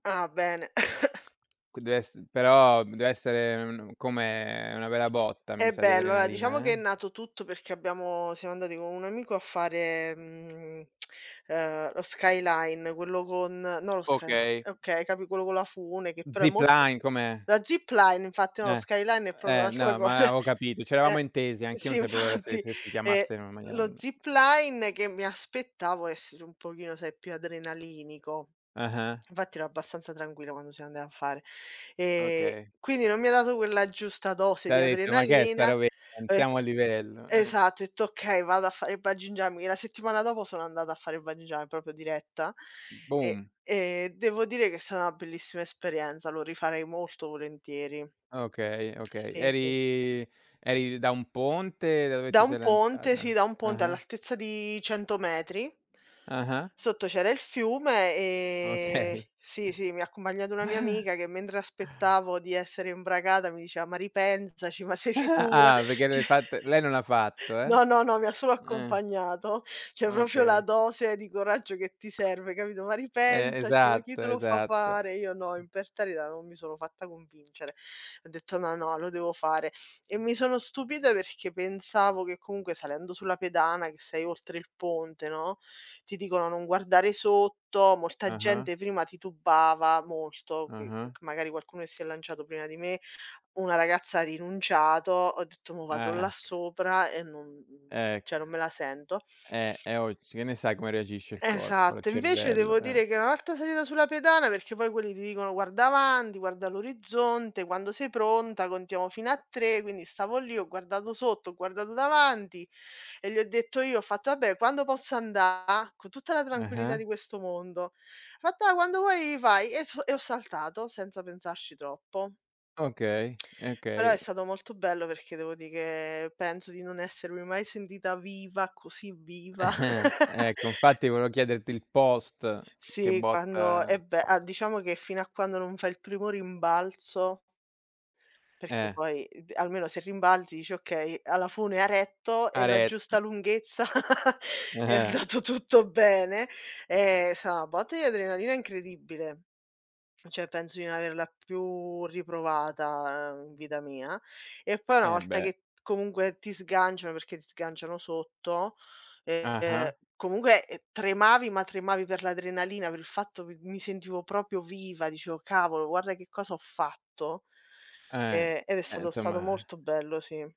Ah bene. Qui dev'ess però dev'essere un come una bella botta, mi È sa, di bello, eh. Diciamo adrenalina che è eh? nato tutto perché abbiamo siamo andati con un amico a fare, mhmm, uhm, lo skyline, quello con no lo sky Okay. okay, capi quello con la fune, che però è molto Zipline, com'è? la zipline infatti no, lo Eh. skyline è proprio Eh un'altra no, co ma avevo capito. C'eravamo Eh, intesi, anch'io sì non sapevo se infatti. se si Ehm, chiamasse in una maniera lo un zipline, che mi aspettavo essere un pochino, sai, più adrenalinico; Ah-ah. infatti ero abbastanza tranquilla quando siamo andati a fare ehm, Okay. quindi non mi ha dato quella giusta dose T'ha di detto: "Ma che è sta adrenalina. robetta? Non Ett siamo a livello", eh? esatto, ho etto: "Okay, vado a fare il Bungee jumping." E la settimana dopo sono andata a fare il Bungee jum proprio diretta e Boom. e devo dire che è stata 'na bellissima esperienza, lo rifarei molto volentieri. Okay, okay. Sì sì. Eri eri da un ponte da dove Da ti un sei ponte, sì, lanciata? da un ponte Ah-ah. all'altezza di 100 metri. Ah-ah. Sotto c'era il fiume e Okay. sì sì, mi ha accompagnato una mia amica che mentre aspettavo di essere imbragata mi diceva: "Ma ripensaci, ma sei sicura?" Ah perché Cioè l'hai fatt lei non l'ha fatto, eh? no, no, no, mi ha solo Eh. accompagnato. Cioè proprio la Okay. dose di coraggio che ti serve, capito: "Ma Eh ripensaci, ma chi esatto, te lo fa esatto. fare?" Io no, imperterrita non mi sono fatta convincere. Ho detto: "No, no, lo devo fare." E mi sono stupita perché pensavo che comunque, salendo sulla pedana che sei oltre il ponte, no, ti dicono: "Non guardare sotto", molta Ah-ah. gente prima titubava molto, mhmm, Ah-ah. perchè magari qualcuno si è lanciato prima di me, una ragazza ha rinunciato. Ho detto: "Mo vado Eh là ecc sopra e non MHMM, Ecc cioè non me la sento." eh, è [unintelligible] che ne sai come reagisce il corpo, il Esatto, invece cervello, devo eh. dire che, una volta salita sulla pedana perché poi quelli ti dicono: "Guarda avanti, guarda l'orizzonte, quando sei pronta contiamo fino a 3." Quindi stavo lì, ho guardato sotto, ho guardato davanti e gli ho detto io ho fatto: "Vabbè quando posso andare?" Con tutta la tranquillità Ah-ah. di questo mondo. Fatto: "Quando vuoi vai." E so e ho saltato, senza pensarci troppo. Okay, Allora è okay. stato molto bello, devo di che penso di non essermi mai sentita viva, così viva. Ecco infatti volevo chiederti il post, che Sì, quando botta e beh, a diciamo che fino a quando non fai il primo rimbalzo perché Eh. poi, uhm, almeno se rimbalzi dici: "Okay a la fune ha retto, è Ha la giusta retto. lunghezza è Eh-eh. andato tutto bene." Ehm, è sta na botta di adrenalina incredibile. F cioè penso di non averla più riprovata, uhm, in vita mia; e poi una Eh volta beh. che t comunque ti sganciano perché ti sganciano sotto, ehm, Ah-ah. comunque tremavi, ma tremavi per l'adrenalina, per il fatto mi mi sentivo proprio viva. Dicevo: "Cavolo, guarda che cosa ho fatto." Eh. E ed è Ehm, stato stato insomma. molto bello, sì.